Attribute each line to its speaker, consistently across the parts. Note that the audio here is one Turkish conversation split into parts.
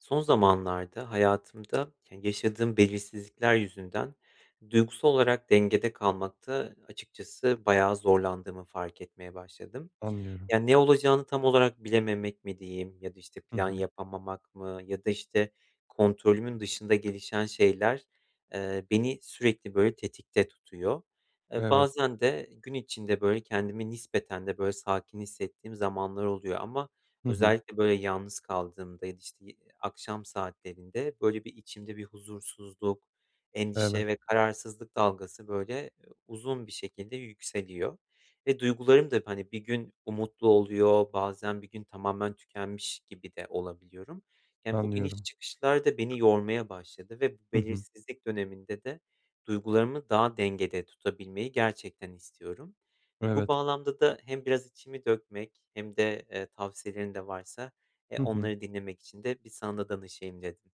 Speaker 1: Son zamanlarda hayatımda, ke yaşadığım belirsizlikler yüzünden duygusal olarak dengede kalmakta açıkçası bayağı zorlandığımı fark etmeye başladım.
Speaker 2: Anlıyorum.
Speaker 1: Ya, ne olacağını tam olarak bilememek mi diyeyim, ya da, işte,
Speaker 2: Hı
Speaker 1: plan
Speaker 2: hı.
Speaker 1: yapamamak mı, ya da, işte, kontrolümün dışında gelişen şeyler, eee, beni sürekli böyle tetikte tutuyor. E,
Speaker 2: Evet.
Speaker 1: bazen de gün içinde böyle kendimi nispeten de böyle sakin hissettiğim zamanlar oluyor ama
Speaker 2: Hı hı.
Speaker 1: özellikle, böyle, yalnız kaldığımda ya da, işte, yi akşam saatlerinde böyle bir içimde bir huzursuzluk,
Speaker 2: Evet.
Speaker 1: endişe ve kararsızlık dalgası, böyle, uzun bir şekilde yükseliyor ve duygularım da, hani, bir gün umutlu oluyor, bazen bir gün tamamen tükenmiş gibi de olabiliyorum. Yani, bu iniş
Speaker 2: Anlıyorum.
Speaker 1: çıkışlar da beni yormaya başladı ve bu
Speaker 2: Hı hı.
Speaker 1: belirsizlik döneminde de duygularımı daha dengede tutabilmeyi gerçekten istiyorum. Bu
Speaker 2: Evet.
Speaker 1: bağlamda da hem biraz içimi dökmek hem de, eee, tavsiyelerin de varsa, eee,
Speaker 2: Hı hı.
Speaker 1: onları dinlemek için de bir sana da danışayım dedim.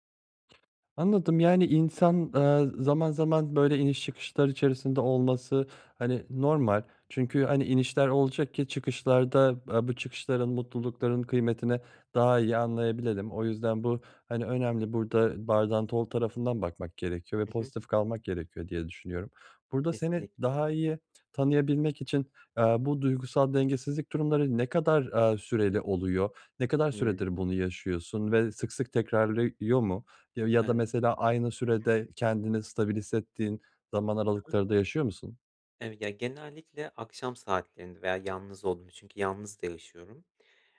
Speaker 2: Anladım, yani, insan, eee, zaman zaman böyle iniş çıkışlar içerisinde olması, hani,
Speaker 1: Hı hı.
Speaker 2: normal. Çünkü, hani, inişler olacak ki çıkışlar da, aaa, bu çıkışların, mutlulukların kıymetini daha iyi anlayabilelim. O yüzden bu, hani, önemli, burada bardağın dolu tarafından bakmak gerekiyor ve
Speaker 1: Hı hı.
Speaker 2: pozitif kalmak gerekiyor diye düşünüyorum. Burada seni
Speaker 1: Kesinlikle.
Speaker 2: daha iyi t tanıyabilmek için, eee, bu duygusal dengesizlik durumları ne kadar, eee, süreli oluyor? Ne kadar
Speaker 1: Hımm.
Speaker 2: süredir bunu yaşıyorsun ve sık sık tekrarlıyor mu ya ya
Speaker 1: Eee
Speaker 2: da mesela aynı
Speaker 1: Hı hı.
Speaker 2: sürede kendini stabilize hissettiğin zaman
Speaker 1: Hı hı.
Speaker 2: aralıkları da yaşıyor musun?
Speaker 1: Ev ya, genellikle akşam saatlerinde veya yalnız olduğum çünkü yalnız da yaşıyorum.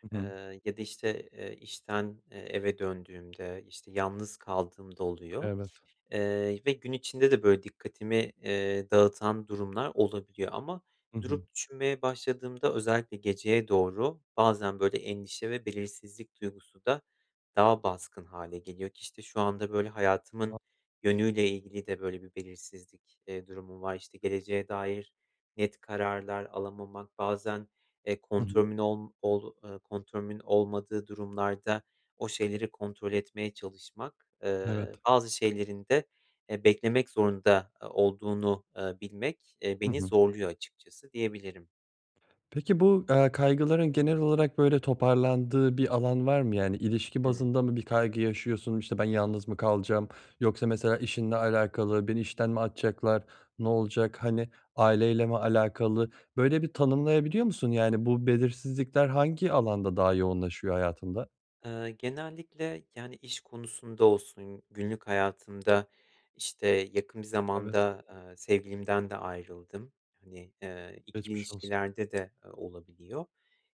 Speaker 2: Hı hı.
Speaker 1: Eee, ya da, işte, eee, işten, eee, eve döndüğümde, işte, yalnız kaldığımda oluyor.
Speaker 2: Evet.
Speaker 1: Eee, ve gün içinde de, böyle, dikkatimi, eee, dağıtan durumlar olabiliyor ama
Speaker 2: Hı hı.
Speaker 1: durup düşünmeye başladığımda özellikle geceye doğru bazen, böyle, endişe ve belirsizlik duygusu da daha baskın hâle geliyor ki, işte, şu anda, böyle, hayatımın yönüyle ilgili de böyle bir belirsizlik, eee, durumum var. İşte, geleceğe dair net kararlar alamamak, bazen, eee,
Speaker 2: Hı hı.
Speaker 1: kontrolümün olm ol eee, kontrolümün olmadığı durumlarda o şeyleri kontrol etmeye çalışmak,
Speaker 2: Evet.
Speaker 1: ııı, bazı şeylerin de, eee, beklemek zorunda, eee, olduğunu, eee, bilmek, eee,
Speaker 2: Hı
Speaker 1: beni
Speaker 2: hı.
Speaker 1: zorluyor açıkçası diyebilirim.
Speaker 2: Peki bu, eee, kaygıların genel olarak, böyle, toparlandığı bir alan var mı? Yani, ilişki
Speaker 1: Hımm.
Speaker 2: bazında mı bir kaygı yaşıyorsun, işte, ben yalnız mı kalacağım yoksa mesela, işinle alakalı beni işten mi atacaklar, ne olacak, hani, aileyle mi alakalı böyle bir tanımlayabiliyor musun? Yani, bu belirsizlikler hangi alanda daha yoğunlaşıyor hayatında?
Speaker 1: Iıı, genellikle, yani, iş konusunda olsun, günlük hayatımda, işte, yakın bir
Speaker 2: Evet.
Speaker 1: zamanda, ııı, sevgilimden de ayrıldım. Hani, ııı, ikili
Speaker 2: Geçmiş olsun.
Speaker 1: ilişkilerde de olabiliyor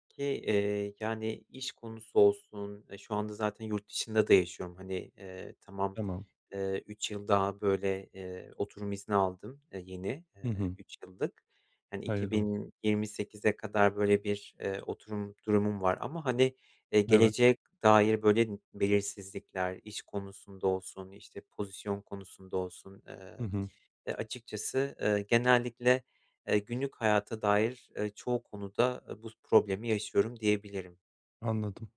Speaker 1: ki, eee, yani, iş konusu olsun, e, şu anda zaten yurt dışında da yaşıyorum, hani, eee, tamam,
Speaker 2: Tamam.
Speaker 1: eee, 3 yıl daha, böyle, eee, oturum izni aldım, eee, yeni,
Speaker 2: Hı
Speaker 1: eee,
Speaker 2: hı.
Speaker 1: 3 yıllık. Hani, iki
Speaker 2: Hayırlı olsun.
Speaker 1: bin yirmi sekize kadar böyle bir, eee, oturum durumum var ama, hani, eee,
Speaker 2: Evet.
Speaker 1: geleceğe dair böyle belirsizlikler, iş konusunda olsun, işte, pozisyon konusunda olsun,
Speaker 2: Hı
Speaker 1: ııı,
Speaker 2: hı.
Speaker 1: e, açıkçası, ııı, genellikle, eee, günlük hayata dair, eee, çoğu konuda bu problemi yaşıyorum, diyebilirim.
Speaker 2: Anladım.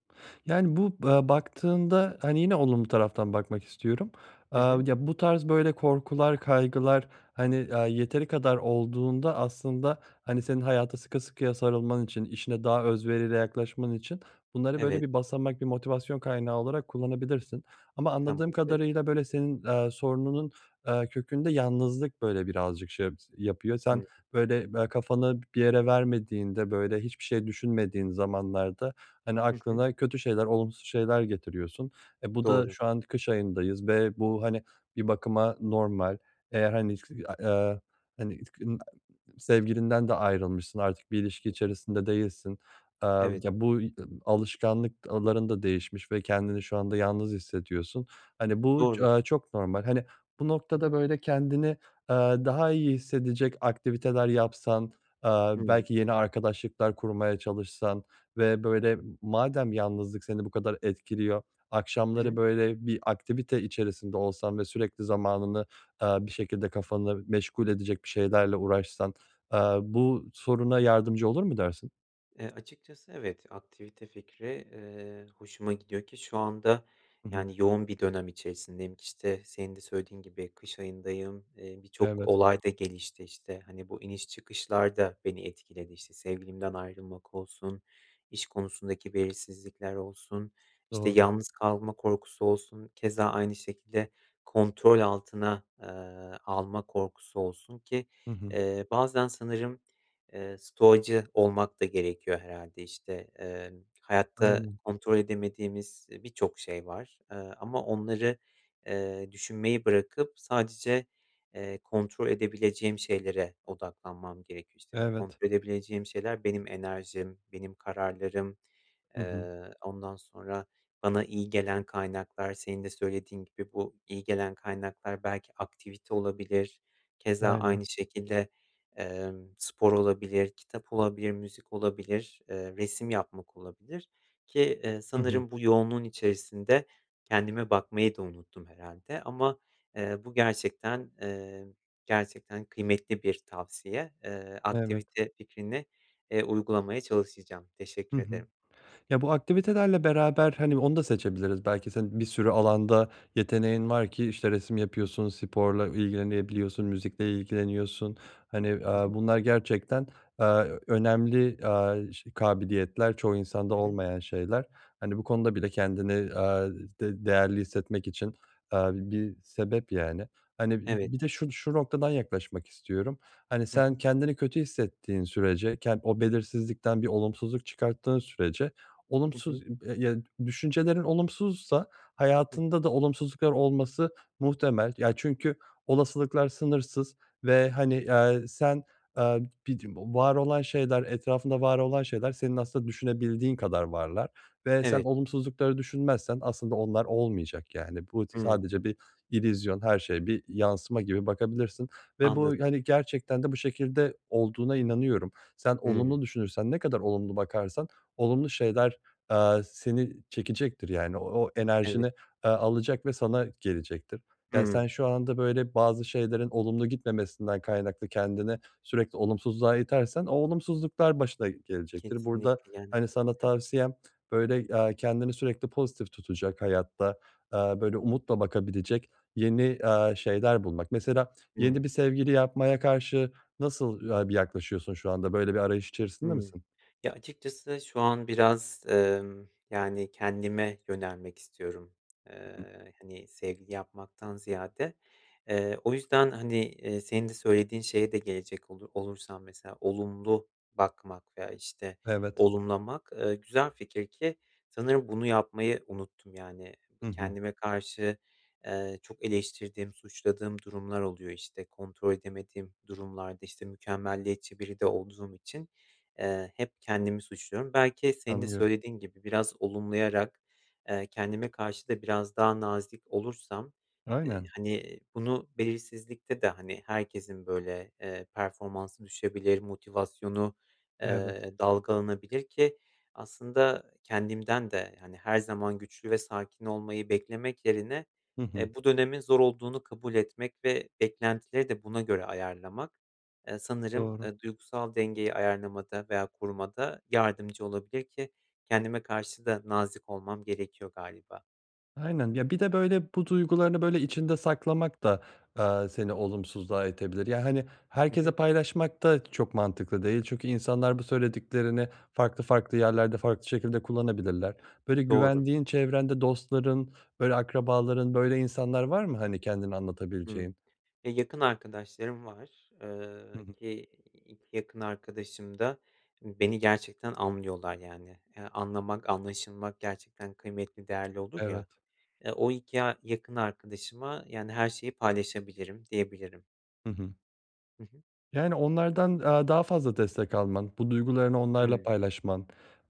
Speaker 2: Yani, bu, eee, baktığında, hani, yine olumlu taraftan bakmak istiyorum. Eee,
Speaker 1: Hı hı.
Speaker 2: ya, bu tarz, böyle, korkular, kaygılar, hani, aaa, yeteri kadar olduğunda aslında, hani, senin hayata sıkı sıkıya sarılman için, işine daha özveriyle yaklaşman için bunları böyle
Speaker 1: Evet.
Speaker 2: bir basamak, bir motivasyon kaynağı olarak kullanabilirsin ama anladığım
Speaker 1: Tamamdır.
Speaker 2: kadarıyla, böyle, senin, eee, sorununun, eee, kökünde yalnızlık, böyle, birazcık şey s yapıyor. Sen,
Speaker 1: Hı.
Speaker 2: böyle, be kafanı b bir yere vermediğinde, böyle, hiçbir şey düşünmediğin zamanlarda, hani,
Speaker 1: Hı hı.
Speaker 2: aklına kötü şeyler, olumsuz şeyler getiriyorsun. E, bu da
Speaker 1: Doğru.
Speaker 2: şu an kış ayındayız ve bu, hani, bir bakıma normal, eğer, hani, [unintelligible] eee, hani [unintelligible] sevgilinden de ayrılmışsın, artık bir ilişki
Speaker 1: Hı hı.
Speaker 2: içerisinde değilsin, eee,
Speaker 1: Evet.
Speaker 2: ya, [unintelligible] alışkanlıkların da değişmiş ve kendini şu anda yalnız hissediyorsun. Hani, bu ç
Speaker 1: Doğru.
Speaker 2: aaa, çok normal. Hani, bu noktada, böyle, kendini, eee, daha iyi hissedecek aktiviteler yapsan, eee,
Speaker 1: Hımm.
Speaker 2: belki yeni arkadaşlıklar kurmaya çalışsan ve böyle madem yalnızlık seni bu kadar etkiliyor, akşamları,
Speaker 1: [unintelligible]
Speaker 2: böyle, bir aktivite içerisinde olsan ve sürekli zamanını, eee, bir şekilde kafanı meşgul edecek bir şeylerle uğraşsan, eee, bu soruna yardımcı olur mu dersin?
Speaker 1: Eee, açıkçası evet, aktivite fikri, eee, hoşuma gidiyor ki şu anda,
Speaker 2: Hı hı.
Speaker 1: yani, yoğun bir dönem içerisindeyim. İşte, senin de söylediğin gibi kış ayındayım, eee, birçok
Speaker 2: Evet.
Speaker 1: olay da gelişti, işte. Hani, bu iniş, çıkışlar da beni etkiledi. İşte, sevgilimden ayrılmak olsun, iş konusundaki belirsizlikler olsun, işte,
Speaker 2: Doğru.
Speaker 1: yalnız kalma korkusu olsun, keza aynı şekilde kontrol altına, eee, alma korkusu olsun ki,
Speaker 2: Hı hı.
Speaker 1: eee, bazen sanırım, eee, stoacı olmak da gerekiyor herhâlde, işte. Emm, hayatta
Speaker 2: Aynen.
Speaker 1: kontrol edemediğimiz, eee, birçok şey var, eee, ama onları, eee, düşünmeyi bırakıp sadece, eee, kontrol edebileceğim şeylere odaklanmam gerekiyor. İşte, bu
Speaker 2: Evet.
Speaker 1: kontrol edebileceğim şeyler benim enerjim, benim kararlarım,
Speaker 2: Hı hı.
Speaker 1: eee, ondan sonra bana iyi gelen kaynaklar. Senin de söylediğin gibi, bu iyi gelen kaynaklar belki aktivite olabilir, keza
Speaker 2: Aynen.
Speaker 1: aynı şekilde, emm, spor olabilir, kitap olabilir, müzik olabilir, eee, resim yapmak olabilir ki, eee,
Speaker 2: I hı.
Speaker 1: sanırım bu yoğunluğun içerisinde kendime bakmayı da unuttum herhâlde. Ama, eee, bu gerçekten, eee, gerçekten kıymetli bir tavsiye. Eee,
Speaker 2: Evet.
Speaker 1: aktivite fikrini, eee, uygulamaya çalışacağım.
Speaker 2: Hı
Speaker 1: Teşekkür
Speaker 2: hı.
Speaker 1: ederim.
Speaker 2: Ya, bu aktivitelerle beraber, hani, onu da seçebiliriz belki senin bir sürü alanda yeteneğin var ki, işte, resim
Speaker 1: Hı.
Speaker 2: yapıyorsun, sporla ilgilenebiliyorsun, müzikle ilgileniyorsun. Hani,
Speaker 1: Hı
Speaker 2: aaa,
Speaker 1: hı.
Speaker 2: bunlar gerçekten, aaa, ö önemli, aaa, ş kabiliyetler, çoğu insanda
Speaker 1: Hı hı.
Speaker 2: olmayan şeyler. Hani, bu konuda bile kendini, aaa, d değerli hissetmek için, aaa, bi bir sebep, yani. Hani, bi
Speaker 1: Evet.
Speaker 2: bi bir de şu şu noktadan yaklaşmak istiyorum: Hani,
Speaker 1: Hı hı.
Speaker 2: sen kendini kötü hissettiğin sürece ken o belirsizlikten bir olumsuzluk çıkarttığın sürece,
Speaker 1: Hı hı.
Speaker 2: olumsuz i b yedü düşüncelerin olumsuzsa
Speaker 1: Hıı.
Speaker 2: hayatında da olumsuzluklar olması muhtemel. Ya, çünkü olasılıklar sınırsız ve, hani, ya, eee, sen, aaa, [unintelligible] var olan şeyler etrafında var olan şeyler senin aslında düşünebildiğin kadar varlar. Ve sen
Speaker 1: Evet.
Speaker 2: olumsuzlukları düşünmezsen aslında onlar olmayacak, yani, bu tı
Speaker 1: Hımm.
Speaker 2: sadece bir illüzyon, her şey bir yansıma gibi bakabilirsin ve
Speaker 1: Anladım.
Speaker 2: bu, hani, gerçekten de bu şekilde olduğuna inanıyorum. Sen
Speaker 1: Hımm.
Speaker 2: olumlu düşünürsen, ne kadar olumlu bakarsan olumlu şeyler, aaa, seni çekecektir, yani, o
Speaker 1: Evet.
Speaker 2: enerjini, aaa, alacak ve sana gelecektir. Ya, sen
Speaker 1: Hımm.
Speaker 2: şu anda, böyle, bazı şeylerin olumlu gitmemesinden kaynaklı kendini sürekli olumsuzluğa itersen o olumsuzluklar başına gelecektir. Burada,
Speaker 1: Kesinlikle, yani
Speaker 2: hani, sana
Speaker 1: Hıı.
Speaker 2: tavsiyem, böyle, aaa, kendini sürekli pozitif tutacak hayatta, aaa, böyle, umutla bakabilecek yeni, aaa, şeyler bulmak. Mesela yeni
Speaker 1: Hımm.
Speaker 2: bir sevgili yapmaya karşı nasıl ya bir yaklaşıyorsun şu anda, böyle bir arayış içerisinde
Speaker 1: Hımm.
Speaker 2: misin?
Speaker 1: Ya, açıkçası şu an biraz, emm, yani, kendime yönelmek istiyorum.
Speaker 2: [unintelligible]
Speaker 1: Eee, hani, sevgili yapmaktan ziyade. Eee, o yüzden, hani, eee, senin de söylediğin şeye de gelecek olu olursam, mesela olumlu bakmak veya, işte,
Speaker 2: Evet.
Speaker 1: olumlamak, eee, güzel fikir ki sanırım bunu yapmayı unuttum, yani.
Speaker 2: Hı
Speaker 1: Bı
Speaker 2: hı.
Speaker 1: kendime karşı, eee, çok eleştirdiğim, suçladığım durumlar oluyor. İşte, kontrol edemediğim durumlarda, işte, mükemmeliyetçi biri de olduğum için, eee, hep kendimi suçluyorum. Belki senin de
Speaker 2: Anlıyorum.
Speaker 1: söylediğin gibi, biraz olumlayarak, eee, kendime karşı da biraz daha nazik olursam, eee,
Speaker 2: Aynen.
Speaker 1: hani, bunu belirsizlikte de, hani, herkesin, böyle, eee, performansı düşebilir, motivasyonu,
Speaker 2: Evet.
Speaker 1: eee, dalgalanabilir. Ki aslında kendimden de, hani, her zaman güçlü ve sakin olmayı beklemek yerine,
Speaker 2: Hı hı.
Speaker 1: eee, bu dönemin zor olduğunu kabul etmek ve beklentileri de buna göre ayarlamak, eee, sanırım,
Speaker 2: Doğru.
Speaker 1: eee, duygusal dengeyi ayarlamada veya korumada yardımcı olabilir, ki kendime karşı da nazik olmam gerekiyor galiba.
Speaker 2: Aynen. Ya, bir de, böyle, bu duygularını, böyle, içinde saklamak da, eee, seni olumsuzluğa itebilir. Ya, hani,
Speaker 1: Hı
Speaker 2: herkesle
Speaker 1: hı.
Speaker 2: paylaşmak da çok mantıklı değil çünkü insanlar bu söylediklerini farklı farklı yerlerde, farklı şekilde kullanabilirler. Böyle,
Speaker 1: Doğru.
Speaker 2: güvendiğin, çevrende dostların, böyle, akrabaların, böyle, insanlar var mı, hani, kendini
Speaker 1: Hımm.
Speaker 2: anlatabileceğin?
Speaker 1: E, yakın arkadaşlarım var,
Speaker 2: Hı
Speaker 1: eee,
Speaker 2: hı.
Speaker 1: ki 2 yakın arkadaşım da beni gerçekten anlıyorlar yani. Ya, anlamak, anlaşılmak gerçekten kıymetli, değerli olur ya,
Speaker 2: Evet.
Speaker 1: eee, o 2 ya yakın arkadaşıma, yani, her şeyi paylaşabilirim, diyebilirim.
Speaker 2: Hı hı.
Speaker 1: Hı hı.
Speaker 2: Yani, onlardan, aaa, daha fazla destek alman, bu duygularını onlarla
Speaker 1: Hımm.
Speaker 2: paylaşman,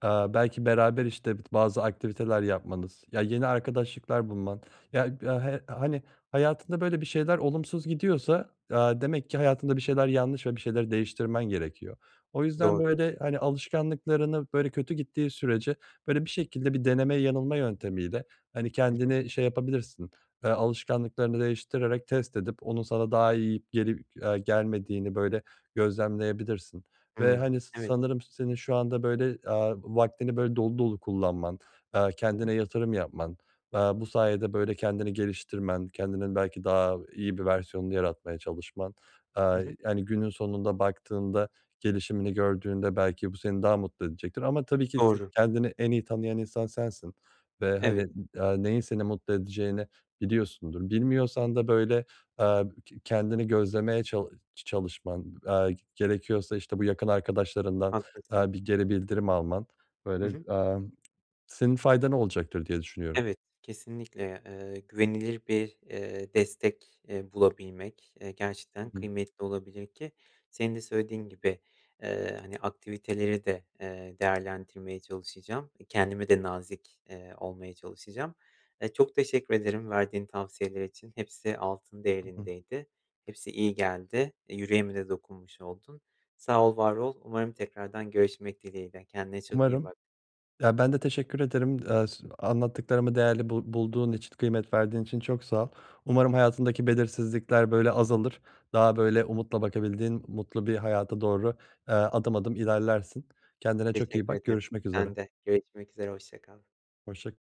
Speaker 2: eee, belki beraber, işte, bazı aktiviteler yapmanız, ya, yeni arkadaşlıklar bulman, ya, he hani, hayatında, böyle, bir şeyler olumsuz gidiyorsa, aaa, demek ki hayatında bir şeyler yanlış ve bir şeyleri değiştirmen gerekiyor. O yüzden,
Speaker 1: Doğru.
Speaker 2: böyle, hani, alışkanlıklarını, böyle, kötü gittiği sürece, böyle, bir şekilde bir deneme yanılma yöntemiyle, hani,
Speaker 1: Hı hı.
Speaker 2: kendini şey yapabilirsin, eee, alışkanlıklarını değiştirerek test edip onun sana daha iyi gelip, eee, gelmediğini, böyle, gözlemleyebilirsin ve,
Speaker 1: Hımm,
Speaker 2: hani,
Speaker 1: evet.
Speaker 2: sanırım senin şu anda, böyle, aaa, vaktini, böyle, dolu dolu kullanman, eee,
Speaker 1: Hı
Speaker 2: kendine
Speaker 1: hı.
Speaker 2: yatırım yapman, aaa, bu sayede, böyle, kendini geliştirmen, kendinin belki daha iyi bir versiyonunu yaratmaya çalışman,
Speaker 1: Hı
Speaker 2: aaa,
Speaker 1: hı.
Speaker 2: hani, günün sonunda baktığında, gelişimini gördüğünde belki bu seni daha mutlu edecektir ama, tabii ki, [unintelligible]
Speaker 1: Doğru.
Speaker 2: kendini en iyi tanıyan insan sensin ve, hani,
Speaker 1: Evet.
Speaker 2: aaa, neyin seni mutlu edeceğini biliyorsundur. Bilmiyorsan da, böyle, eee, ke kendini gözlemeye çalı çalışman, aaa, gerekiyorsa, işte, bu yakın arkadaşlarından,
Speaker 1: Haklısın.
Speaker 2: aaa, bir geri bildirim alman,
Speaker 1: Hı
Speaker 2: böyle,
Speaker 1: hı.
Speaker 2: aaa, senin faydana olacaktır diye düşünüyorum.
Speaker 1: Evet, kesinlikle, eee, güvenilir bir, eee, destek, eee, bulabilmek, eee, gerçekten
Speaker 2: Hı hı.
Speaker 1: kıymetli olabilir ki senin de söylediğin gibi, eee, hani, aktiviteleri de, eee, değerlendirmeye çalışacağım. Eee, kendime de nazik, eee, olmaya çalışacağım. Eee, çok teşekkür ederim verdiğin tavsiyeler için, hepsi altın
Speaker 2: Hı hı.
Speaker 1: değerindeydi. Hepsi iyi geldi. Eee, yüreğime de dokunmuş oldun. Sağ ol, var ol. Umarım tekrardan görüşmek dileğiyle. Kendine çok iyi
Speaker 2: Umarım.
Speaker 1: bak.
Speaker 2: Ya, ben de teşekkür ederim, eee, s anlattıklarımı değerli bul bulduğun için, kıymet verdiğin için çok sağ ol. Umarım hayatındaki belirsizlikler, böyle, azalır. Daha, böyle, umutla bakabildiğin mutlu bir hayata doğru, eee, adım adım ilerlersin. Kendine çok iyi
Speaker 1: Teşekkür
Speaker 2: bak,
Speaker 1: ederim,
Speaker 2: görüşmek üzere.
Speaker 1: sen de. Görüşmek üzere, hoşça kal.
Speaker 2: Hoşça